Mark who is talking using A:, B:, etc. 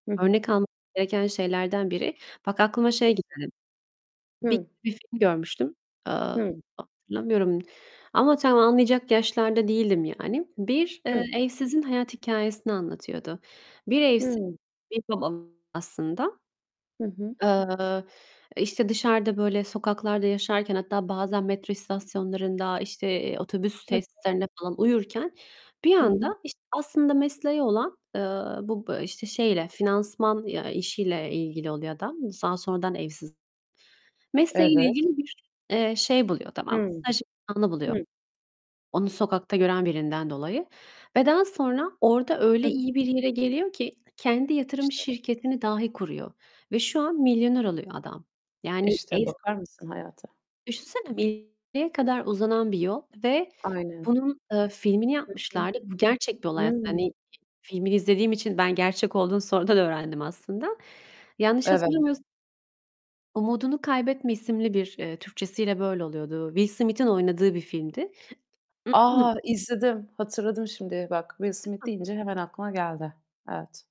A: Hı hı.
B: Örnek almamız gereken şeylerden biri. Bak aklıma şey
A: Kesinlik
B: geldi. Bir
A: Hı.
B: bir film görmüştüm, eee,
A: Hı.
B: hatırlamıyorum ama tam anlayacak yaşlarda değildim yani. Bir, eee,
A: Hı.
B: evsizin hayat hikâyesini anlatıyordu. Bir evsiz,
A: Hımm.
B: bir [unintelligible] aslında.
A: Hı hı.
B: Eee, eee, işte dışarıda böyle sokaklarda yaşarken hatta bazen metro istasyonlarında, işte, eee, otobüs
A: Hı.
B: tesislerinde falan uyurken bir
A: Hı hı.
B: anda, işte, aslında mesleği olan, eee, bu b eee, işte şeyle finansman ya işiyle ilgili oluyor adam. Daha sonradan evsiz.
A: Evet.
B: Mesleğiyle ilgili bir, eee, şey buluyor tamam mı?
A: Hımm.
B: Staj imkânı buluyor.
A: Hı.
B: Onu sokakta gören birinden dolayı ve daha sonra orada
A: Hı
B: öyle
A: hı.
B: iyi bir yere geliyor ki, kendi yatırım
A: İşte
B: şirketini dahi kuruyor ve şu an milyoner oluyor adam. Yani
A: İşte
B: evs
A: bakar mısın hayata?
B: Düşünsene [unintelligible] kadar uzanan bir yol ve
A: Aynen.
B: bunun, eee, filmini
A: Hı hı.
B: yapmışlardı. Bu gerçek bir olay aslında.
A: Hımm.
B: Hani, filmini izlediğim için ben gerçek olduğunu sonradan öğrendim aslında. Yanlış
A: Evet.
B: hatırlamıyors "Umudunu Kaybetme" isimli bir, eee, Türkçesiyle böyle oluyordu. Will Smith'in oynadığı bir filmdi.
A: A, izledim! Hatırladım şimdi. Bak "Will Smith"
B: [unintelligible]
A: deyince hemen aklıma geldi. Evet.